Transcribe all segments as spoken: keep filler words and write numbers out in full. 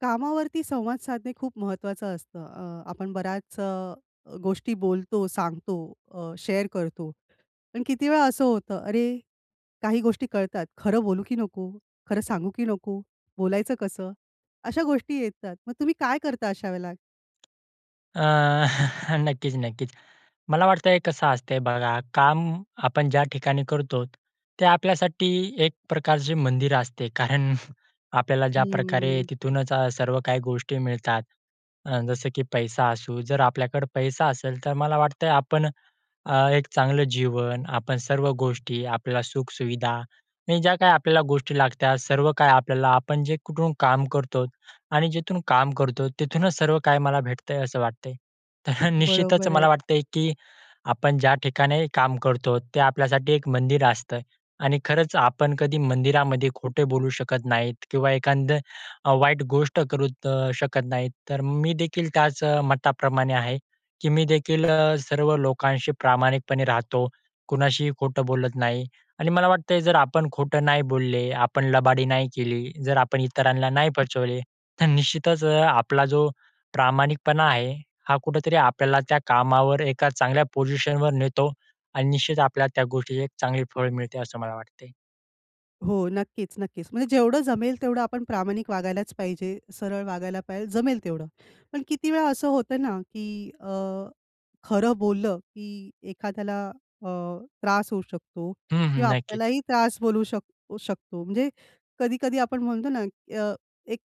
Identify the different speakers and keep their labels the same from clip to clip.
Speaker 1: कामावरती संवाद साधणे खूप महत्वाचं असतं. अ, आपण बऱ्याच अ, गोष्टी बोलतो, सांगतो, अ, शेअर करतो. पण किती वेळा असं होतं, अरे काही गोष्टी कळतात खरं बोलू, की नको? खरं सांगू, की नको? बोलायचं कसं? अशा गोष्टी येतात, मग तुम्ही काय करता अशा वेळेला?
Speaker 2: आह, नक्कीच, नक्कीच. मला वाटतं हे कसं असते बघा, काम आपण ज्या ठिकाणी करतो, ते आपल्यासाठी एक प्रकारचे मंदिर असते. कारण आपल्याला ज्याप्रकारे
Speaker 1: हम्म.
Speaker 2: तिथूनच सर्व काही गोष्टी मिळतात अ, जसं की पैसा असू जर आपल्याकडं पैसा असेल, तर मला वाटतं आपण अ, एक चांगलं जीवन, आपण सर्व गोष्टी, आपल्याला सुख-सुविधा आणि ज्या काही आपल्याला गोष्टी लागतात, सर्व काही आपल्याला आपण जे कुठून काम करतो आणि जिथून काम करतो, तिथूनच सर्व काही मला भेटतं आहे असं वाटतं आहे. तर निश्चितच
Speaker 1: बरोबर आहे.
Speaker 2: मला वाटतं आहे, की आपण ज्या ठिकाणी काम करतो, ते आपल्यासाठी एक मंदिर असतं आणि खरंच आपण कधी मंदिरामध्ये, खोटे बोलू शकत नाहीत किंवा एखादं वाईट गोष्ट करुत अ, शकत नाहीत. तर मी देखील त्याच मताप्रमाणे आहे, की मी देखील अ, सर्व लोकांशी प्रामाणिकपणे राहतो. कुणाशीही खोटं बोलत नाही आणि मला वाटतं आहे जर आपण खोटं नाही बोलले, आपण लबाडी नाही केली, जर आपण इतरांना नाही फचवले, तर निश्चितच अ, आपला जो प्रामाणिकपणा आहे, हा कुठेतरी आपल्याला त्या कामावर एका चांगल्या पोझिशनवर नेतो. आणि निश्चित आपल्याला त्या गोष्टीची एक चांगली फळ मिळते असं मला वाटते.
Speaker 1: हो. नक्कीच, नक्कीच. म्हणजे जेवढं जमेल तेवढं आपण प्रामाणिक वागायलाच पाहिजे, सरळ वागायला पाहिजे, जमेल तेवढं. पण किती वेळा असं होतं ना, की अ, खरं बोललं, की एखाद्याला अ, त्रास होऊ शकतो
Speaker 2: हं, हं,
Speaker 1: किंवा
Speaker 2: नक्कीच.
Speaker 1: आपल्यालाही त्रास बोलू शक शकतो. म्हणजे कधी-कधी आपण म्हणतो ना, अ, एक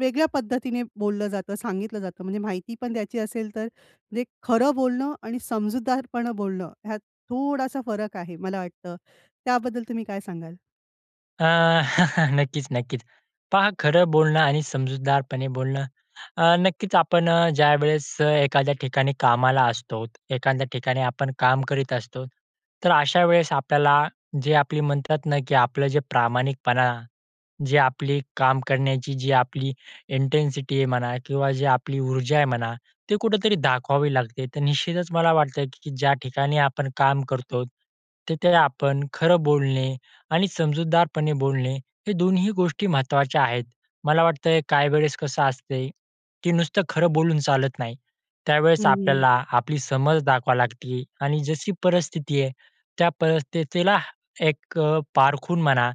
Speaker 1: वेगळ्या पद्धतीने बोललं जातं, सांगितलं जातं, म्हणजे माहिती पण द्यायची असेल, तर म्हणजे खरं बोलणं आणि समजूतदारपण बोलणं, ह्यात थोडासा फरक आहे मला वाटतं. त्याबद्दल तुम्ही काय सांगाल?
Speaker 2: अ, नक्कीच, नक्कीच. पहा खरं बोलणं आणि समजूतदारपणे बोलणं, अ, नक्कीच आपण ज्यावेळेस एखाद्या ठिकाणी कामाला असतोत, एखाद्या ठिकाणी आपण काम करीत असतो. तर, अशा वेळेस आपल्याला, जे आपली म्हणतात ना, की आपलं जे प्रामाणिकपणा, जे आपली काम करण्याची जी आपली इंटेन्सिटी आहे म्हणा किंवा जे आपली ऊर्जा आहे म्हणा, ती कुठेतरी दाखवावी लागते. तर, निश्चितच मला वाटतं की ज्या ठिकाणी आपण काम करतो, तिथे आपण खरं बोलणे आणि समजूतदारपणे बोलणे हे दोन्ही ही गोष्टी महत्त्वाच्या आहेत. मला वाटतं काही वेळेस कसं असते की नुसतं खरं बोलून चालत नाही.
Speaker 1: हं,
Speaker 2: त्यावेळेस
Speaker 1: हं.
Speaker 2: आपल्याला आपली समज दाखवा लागती आणि जशी परिस्थिती आहे, त्या परिस्थितीला एक अ, पारखून म्हणा,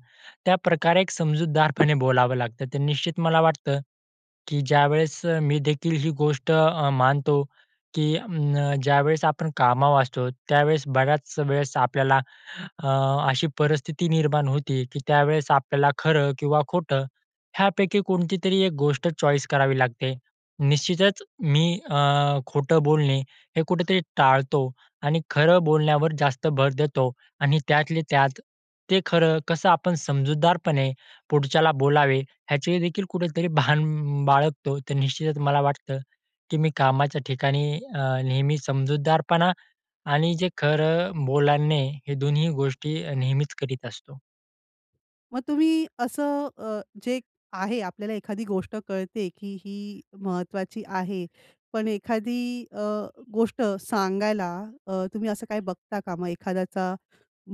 Speaker 2: त्याप्रकारे एक समजूतदारपणे बोलावं लागतं. तर निश्चित मला वाटतं, की ज्यावेळेस मी देखील ही गोष्ट अ, मानतो की अ, ज्यावेळेस आपण कामावर असतो, त्यावेळेस बऱ्याच वेळेस आपल्याला अ, अशी परिस्थिती निर्माण होती की त्यावेळेस आपल्याला खरं किंवा खोटं ह्यापैकी कोणती तरी एक गोष्ट चॉईस करावी लागते. निश्चितच मी अ, खोटं बोलणे हे कुठेतरी टाळतो आणि खरं बोलण्यावर जास्त भर देतो. आणि त्यातले त्यात ते खरं कसं आपण समजूतदारपणे पुढच्याला बोलावे ह्याचे देखील कुठेतरी भान अ, बाळगतो. तर, निश्चितच मला वाटतं, की मी कामाच्या ठिकाणी अ, नेहमी समजूतदारपणा आणि जे खरं बोलाणे, हे दोन्ही गोष्टी नेहमीच करीत असतो.
Speaker 1: मग तुम्ही असं अ, जे आहे आपल्याला एखादी गोष्ट कळते, की ही महत्त्वाची आहे. पण एखादी अ, गोष्ट सांगायला अ, तुम्ही असं काही बघता का? मग एखाद्याचा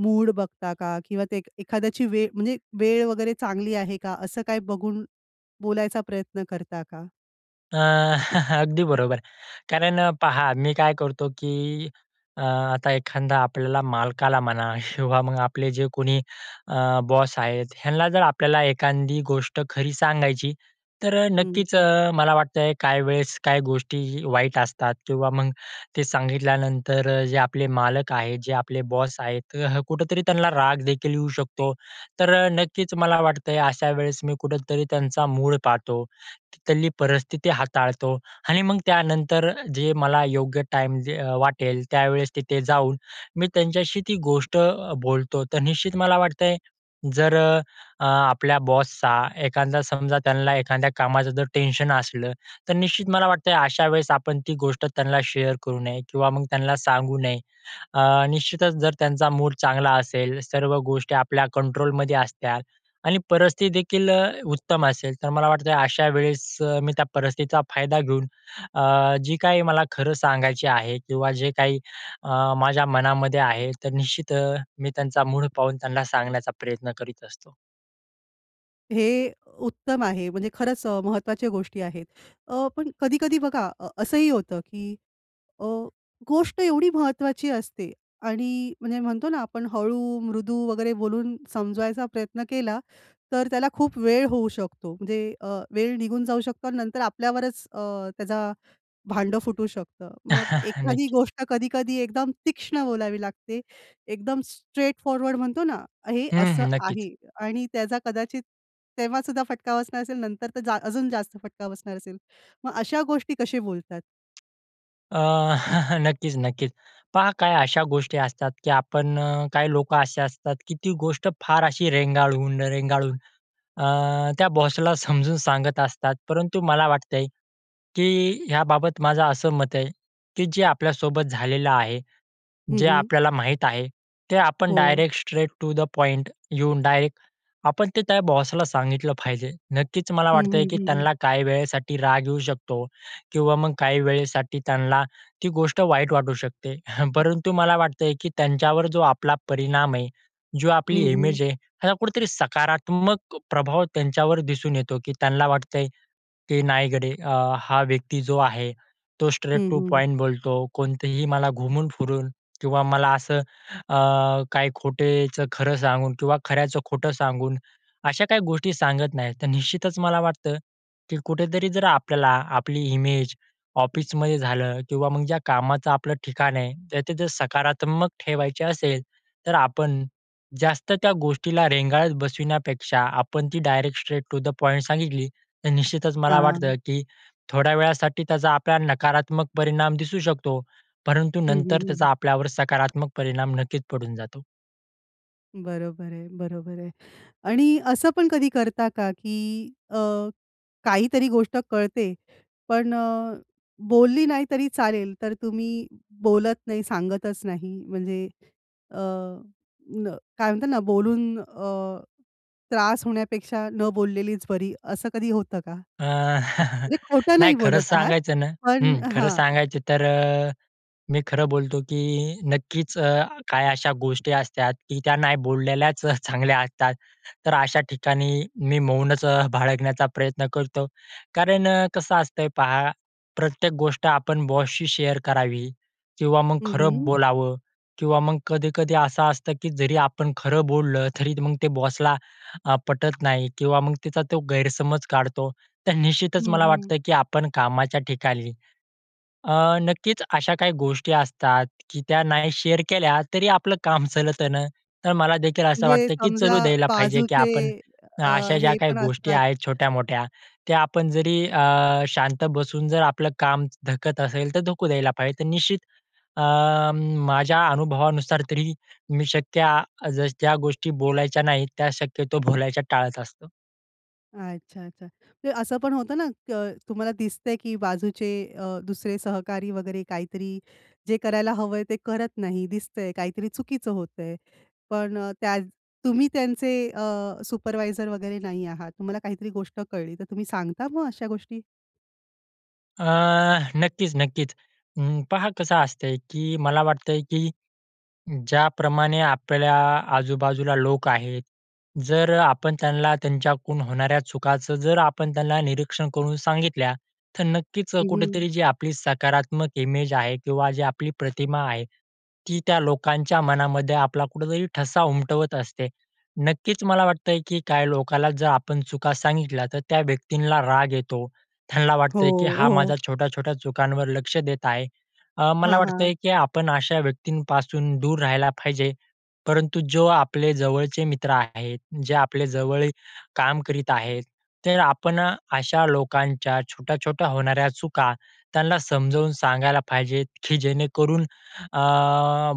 Speaker 1: मूड बघता का? किंवा ते एक एखाद्याची वे म्हणजे वेळ वगैरे चांगली आहे का? असं काही बघून बोलायचा प्रयत्न करता का?
Speaker 2: अ, अगदी बरोबर. कारण पहा, मी काय करतो, की अ, आता एखांदा आपल्याला मालकाला म्हणा किंवा मग आपले जे कोणी अ, बॉस आहेत, ह्यांना जर आपल्याला एखांदी गोष्ट खरी सांगायची. तर
Speaker 1: हं.
Speaker 2: नक्कीच अ, मला वाटतंय काही वेळेस काही गोष्टीही वाईट असतात किंवा मग ते सांगितल्यानंतर जे आपले मालक आहेत, जे आपले बॉस आहेत तर कुठेतरी त्यांना रागदेखील येऊ शकतो. तर अ, नक्कीच मला वाटतंय, अशा वेळेस मी कुठेतरी त्यांचा मूड पाहतो, की तिथली परिस्थिति हाताळतो आणि मग त्यानंतर जे मला योग्य टाईम जे अ, वाटेल, त्यावेळेस तिथे जाऊन, मी त्यांच्याशी ती गोष्ट अ, बोलतो. तर निश्चित मला वाटतंय, जर अ, आपल्या बॉसचा एखांदा समजा, त्याला एखांद्या कामाचं जर टेन्शन असलं तर निश्चित मला वाटतंय अशा वेळेस आपण ती गोष्ट त्यांना शेअर करू नये किंवा मग त्यांना सांगू नये. अ, निश्चितच जर त्यांचा मूड चांगला असेल, सर्व गोष्टी आपल्या कंट्रोलमध्ये असत्याल आणि परिस्थिती देखील अ, उत्तम असेल. तर मला वाटतं अशा वेळेस अ, मी त्या परिस्थितीचा फायदा घेऊन अ, जे काही मला खरं सांगायचे आहे किंवा जे काही अ, माझ्या मनामध्ये आहे तर निश्चित अ, मी त्यांचा मूड पाहून त्यांना सांगण्याचा प्रयत्न करीत असतो.
Speaker 1: हे उत्तम आहे म्हणजे खरंच अ, महत्त्वाच्या गोष्टी आहेत. अ, पण कधी-कधी बघा अ, असंही होतं, की अ, गोष्ट एवढी महत्त्वाची असते आणि म्हणजे म्हणतो ना आपण हळू मृदू वगैरे बोलून समजवायचा प्रयत्न केला. तर त्याला खूप वेळ होऊ शकतो. म्हणजे अ, वेळ निघून जाऊ शकतो, नंतर आपल्यावरच अ, त्याचा भांडं फुटू शकतं. मग एखादी
Speaker 2: नक्कीच.
Speaker 1: गोष्ट कधी-कधी एकदम तीक्ष्ण बोलावी लागते, एकदम स्ट्रेट फॉरवर्ड म्हणतो ना, हे
Speaker 2: हं,
Speaker 1: असं
Speaker 2: हं. नक्कीच.
Speaker 1: आहे आणि त्याचा कदाचित तेव्हासुद्धा फटका बसणार असेल, नंतर तर जा अजून जास्त फटका बसणार असेल, मग अशा गोष्टी कसे बोलतात?
Speaker 2: अ, नक्कीच, नक्कीच. पहा काही अशा गोष्टी असतात, की आपण अ, काही लोकं असे असतात, की ती गोष्ट फार अशी रेंगाळून, रेंगाळून अ, त्या बॉसला समजून सांगत असतात. परंतु मला वाटतंय, की ह्याबाबत माझं असं मत आहे, की जे आपल्यासोबत झालेलं आहे,
Speaker 1: हं,
Speaker 2: जे
Speaker 1: हं.
Speaker 2: आपल्याला माहीत आहे, ते आपण
Speaker 1: हो.
Speaker 2: Direct straight to the point येऊन डायरेक्ट आपण ते त्या बॉसला सांगितलं पाहिजे. नक्कीच मला
Speaker 1: हं,
Speaker 2: वाटतंय,
Speaker 1: हं,
Speaker 2: की
Speaker 1: हं, हं.
Speaker 2: त्यांना काही वेळेसाठी राग येऊ शकतो किंवा मग काही वेळेसाठी त्यांना ती गोष्ट वाईट वाटू शकते. परंतु मला वाटतंय, की त्यांच्यावर जो आपला परिणाम आहे, जो आपली
Speaker 1: हं, हं.
Speaker 2: इमेज आहे, हा कुठेतरी सकारात्मक प्रभाव त्यांच्यावर दिसून येतो, की त्यांना वाटतंय, की नाही गडे अ, हा व्यक्ती जो आहे, तो स्ट्रेट
Speaker 1: हं,
Speaker 2: टू
Speaker 1: हं.
Speaker 2: पॉईंट बोलतो, कोणतेही मला घुमून फिरून किंवा मला असं अ, काही खोटेचं खरं सांगून किंवा खऱ्याचं खोटं सांगून, अशा काही गोष्टी सांगत नाहीत. तर निश्चितच मला वाटतं, की कुठेतरी जर आपल्याला आपली इमेज ऑफिसमध्ये झालं किंवा मग ज्या कामाचं आपलं ठिकाण आहे तर तिथे सकारात्मक ठेवायचे असेल तर आपण जास्त त्या गोष्टीला रेंगाळत बसविण्यापेक्षा आपण ती direct straight to the point सांगितली. तर निश्चितच मला वाटतं,
Speaker 1: हां.
Speaker 2: की थोड्या वेळासाठी त्याचा आपल्याला नकारात्मक परिणाम दिसू शकतो. परंतु
Speaker 1: हं, हं,
Speaker 2: नंतर
Speaker 1: हं,
Speaker 2: त्याचा
Speaker 1: हं.
Speaker 2: आपल्यावर सकारात्मक परिणाम नक्कीच पडून जातो.
Speaker 1: बरोबर आहे, बरोबर आहे आणि असं पण कधी करता का, की अ, काहीतरी गोष्ट कळते पण अ, बोलली नाही तरी चालेल तर तुम्ही बोलत नाही, सांगतच नाही म्हणजे अ, काय म्हणतात ना, बोलून अ, त्रास होण्यापेक्षा न बोललेलीच बरी. असं कधी होतं का?
Speaker 2: अ,
Speaker 1: म्हणजे खोटं
Speaker 2: नाही
Speaker 1: नाही
Speaker 2: खरंच
Speaker 1: बोलत आहात,
Speaker 2: सांगायचं ना,
Speaker 1: पण
Speaker 2: हं, खरं
Speaker 1: हां.
Speaker 2: सांगायचं तर अ, मी खरं बोलतो, की नक्कीच अ, काही अशा गोष्टी असतात की त्या नाही बोललेल्याच चांगल्या असतात. तर अशा ठिकाणी, मी मौनच अ, बाळगण्याचा प्रयत्न करतो. कारण अ, कसं असतंय पहा, प्रत्येक गोष्ट आपण बॉसशी शेअर करावी किंवा मग
Speaker 1: हं,
Speaker 2: खरं
Speaker 1: हं.
Speaker 2: बोलावं किंवा मग कधी-कधी असं असतं, की जरी आपण खरं बोललं तरी मग ते बॉसला अ, पटत नाही किंवा मग तिचा तो गैरसमज काढतो तर निश्चितच
Speaker 1: हं,
Speaker 2: मला
Speaker 1: हं.
Speaker 2: वाटतं, की आपण कामाच्या ठिकाणी अ, नक्कीच अशा काही गोष्टी असतात, की त्या नाही शेअर केल्या तरी आपलं काम चलतं न, तर मला देखील असं
Speaker 1: म्हणजे
Speaker 2: वाटतं की
Speaker 1: समजा
Speaker 2: चलू द्यायला पाहिजे, की
Speaker 1: बाजूचे
Speaker 2: आपण
Speaker 1: अ,
Speaker 2: अशा ज्या
Speaker 1: हे
Speaker 2: काही
Speaker 1: पण
Speaker 2: गोष्टी
Speaker 1: असतात.
Speaker 2: आहेत छोट्यामोठ्या, त्या आपण जरी अ, शांत बसून जर आपलं काम धकत असेल तर धकू द्यायला पाहिजे. तर निश्चित अं, माझ्या अनुभवानुसार तरी, मी शक्य जसं ज्या गोष्टी बोलायच्या नाहीत, त्या शक्यतो बोलायच्या टाळत असतो.
Speaker 1: अच्छा, अच्छा. म्हणजे असं पण होतं ना, की तुम्हाला दिसतंय की बाजूचे अ, दुसरे सहकारी वगैरे काहीतरी जे करायला हवं आहे. ते करत नाही दिसतंय, काहीतरी चुकीचं होतंय, पण अ, त्या तुम्ही त्यांचे अ, सुपरवायझर वगैरे नाही आहात, तुम्हाला काहीतरी गोष्ट कळली तर तुम्ही सांगता मग अशा गोष्टी?
Speaker 2: अ, नक्कीच, नक्कीच. अं, पहा कसं असतंय, की मला वाटतंय, की ज्याप्रमाणे आपल्या आजूबाजूला लोक आहेत. जर अ, आपण त्यांना त्यांच्याकडून होणाऱ्या चुकाचं जर आपण त्यांना निरीक्षण करून सांगितल्या, तर नक्कीच
Speaker 1: हं, हं.
Speaker 2: कुठेतरी जी आपली सकारात्मक इमेज आहे किंवा जी आपली प्रतिमा आहे, ती त्या लोकांच्या मनामध्ये आपला कुठेतरी ठसा उमटवत असते. नक्कीच मला वाटतंय, की काय लोकाला जर आपण चुका सांगितल्या, तर त्या व्यक्तींला राग येतो, त्यांना
Speaker 1: हो,
Speaker 2: वाटतंय की हा माझा
Speaker 1: हो.
Speaker 2: छोट्या-छोट्या चुकांवर लक्ष देत आहे. अ, मला
Speaker 1: हां, हां.
Speaker 2: वाटतंय की आपण अशा व्यक्तींपासून, दूर राहायला पाहिजे, परंतु जो आपले जवळचे मित्र आहेत. जे आपले जवळ काम करीत आहेत, तर आपण अशा लोकांच्या छोट्या-छोट्या होणाऱ्या चुका, त्यांना समजवून सांगायला पाहिजेत, की जेणेकरून अ,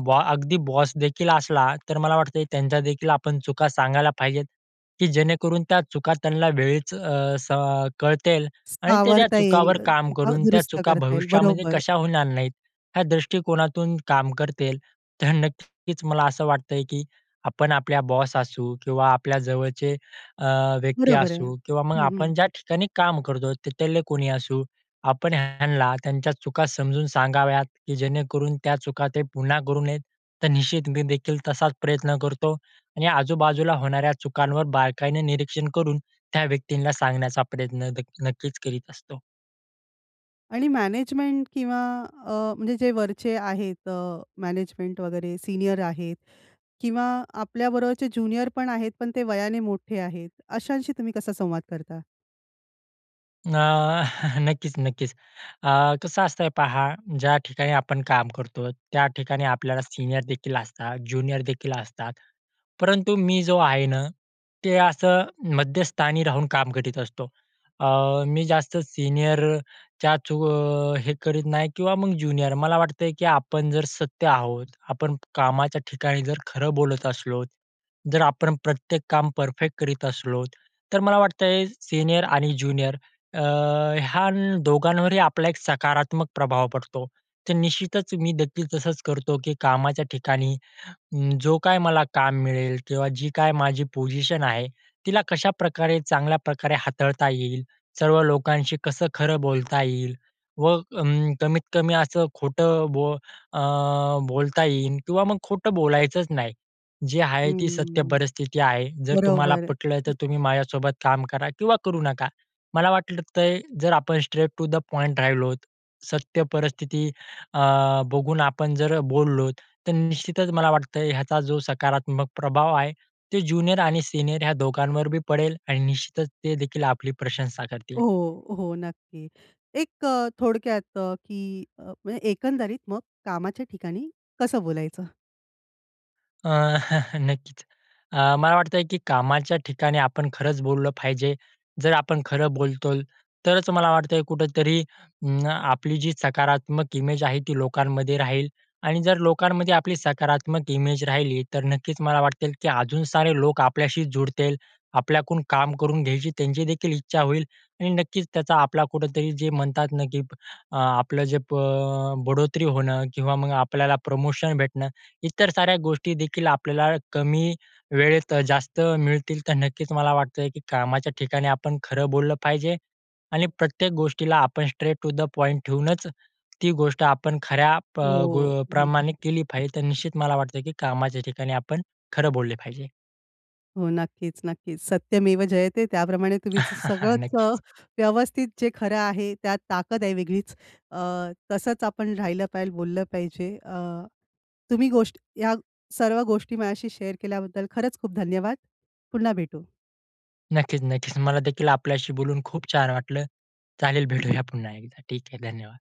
Speaker 2: बॉ अगदी बॉस देखील असला, तर मला वाटतं त्यांच्या देखील आपण चुका सांगायला पाहिजेत, की जेणेकरून त्या चुका त्यांना वेळीच अ, स अ, कळतील आणि ते त्या
Speaker 1: सावरता येईल
Speaker 2: चुकावर काम
Speaker 1: किंवा
Speaker 2: करून, त्या
Speaker 1: दुरुस्त
Speaker 2: चुका
Speaker 1: करता येईल.
Speaker 2: भविष्यामध्ये
Speaker 1: बरोबर.
Speaker 2: कशा होणार नाहीत या दृष्टीकोनातून काम करतील. तर नक्कीच मला असं वाटतंय, की आपण आपल्या बॉस असू किंवा आपल्या जवळचे अ, व्यक्ती
Speaker 1: बरोबर आहे
Speaker 2: असू किंवा मग
Speaker 1: हं, हं.
Speaker 2: आपण ज्या ठिकाणी काम करतो तिथले कोणी असू, आपण ह्यांना त्यांच्या चुका समजून सांगाव्यात, की जेणेकरून त्या चुका ते पुन्हा करू नयेत. तर निश्चित मी देखील तसाच प्रयत्न करतो आणि आजूबाजूला होणाऱ्या चुकांवर बारकाईनं निरीक्षण करून, त्या व्यक्तींना सांगण्याचा प्रयत्न दे नक्कीच करीत असतो.
Speaker 1: आणि मॅनेजमेंट किंवा अ, म्हणजे जे वरचे आहेत, अ, मॅनेजमेंट वगैरे, सीनियर आहेत. किंवा आपल्याबरोबरचे ज्युनियरपण आहेत, पण ते वयाने मोठे आहेत. अशांशी तुम्ही कसा संवाद करता?
Speaker 2: अ, नक्कीच, नक्कीच. अ, कसं असतंय, पहा, ज्या ठिकाणी आपण काम करतो, त्या ठिकाणी आपल्याला सीनियर देखील असतात, ज्युनियर देखील असतात. परंतु मी जो आहे ना, ते असं मध्यस्थानी राहून काम करीत असतो. अ, मी जास्त सीनियरच्याच चू हे करीत नाही किंवा मग ज्युनियर. मला वाटतंय, की आपण जर सत्य आहोत, आपण कामाच्या ठिकाणी जर खरं बोलत असलो, जर आपण प्रत्येक काम परफेक्ट करीत असलो तर मला वाटतं, सीनियर आणि ज्युनियर अ, ह्या दोघांवरही आपला एक सकारात्मक प्रभाव पडतो. तर निश्चितच, मी देखील तसंच करतो, की कामाच्या ठिकाणी, जो काय मला काम मिळेल किंवा जी काय माझी पोझिशन आहे, तिला कशाप्रकारे चांगल्या प्रकारे हाताळता येईल, सर्व लोकांशी कसं खरं बोलता येईल व अं, कमीत-कमी असं खोटं बोल अ, बोलता येईल किंवा मग खोटं बोलायचंच नाही. जी आहे ती सत्य
Speaker 1: हं,
Speaker 2: परिस्थिती आहे. जर तुम्हाला
Speaker 1: बरोबर.
Speaker 2: पटलं तर तुम्ही माझ्यासोबत काम करा किंवा करू नका. मला वाटलतंय तर जर आपण स्ट्रेट टू द पॉइंट राहिलोत, सत्य परिस्थिती अ, बघून आपण जर बोललो तर निश्चितच मला वाटतंय, ह्याचा जो सकारात्मक प्रभाव आहे, ते ज्युनियर आणि सीनियर ह्या दोघांवर बी पडेल आणि निश्चितच ते देखील आपली प्रशंसा करतील.
Speaker 1: हो, हो, नक्की. एक अ, थोडक्यात अ, की अ, म्हणजे एकंदरीत मग कामाच्या ठिकाणी कसं बोलायचं?
Speaker 2: अ, नक्कीच. अ, मला वाटतंय, की कामाच्या ठिकाणी आपण खरंच बोललं पाहिजे. जर आपण खरं बोलतोल तरच मला वाटतंय कुठेतरी अं, आपली जी सकारात्मक इमेज आहे ती लोकांमध्ये राहील. आणि जर लोकांमध्ये आपली सकारात्मक इमेज राहिली, तर नक्कीच मला वाटत, की अजून सारे लोक आपल्याशी जुळतील. आपल्याकडून काम करून घ्यायची त्यांची देखील इच्छा होईल. आणि नक्कीच त्याचा आपला कुठेतरी जे म्हणतात ना, की अ, आपलं जे प अ, बढोतरी होणं किंवा मग आपल्याला प्रमोशन भेटणं. इतर साऱ्या गोष्टी देखील आपल्याला कमी वेळेत अ, जास्त मिळतील. तर नक्कीच मला वाटतं, की कामाच्या ठिकाणी आपण खरं बोललं पाहिजे. आणि प्रत्येक गोष्टीला आपण स्ट्रेट टू द पॉईंट ठेवूनच, ती गोष्ट आपण खऱ्या प
Speaker 1: ओ!
Speaker 2: गो
Speaker 1: हं.
Speaker 2: प्रमाणे केली पाहिजे. तर निश्चित मला वाटतं, की कामाच्या ठिकाणी आपण खरं बोलले पाहिजे.
Speaker 1: हो. नक्कीच, नक्कीच. सत्यमेव जयते त्याप्रमाणे तुम्ही स सगळंच अ,
Speaker 2: नक्कीच.
Speaker 1: व्यवस्थित जे खरं आहे, त्यात ताकद आहे वेगळीच. अ, तसंच आपण राहिलं पाहिजे, बोललं पाहिजे. अ, तुम्ही गोष्टी या सर्व गोष्टी माझ्याशी शेअर केल्याबद्दल खरंच खूप धन्यवाद. पुन्हा भेटू.
Speaker 2: नक्कीच, नक्कीच. मला देखील आपल्याशी बोलून खूप छान वाटलं चालेल. चालेल भेटूया पुन्हा एकदा. ठीक आहे. धन्यवाद.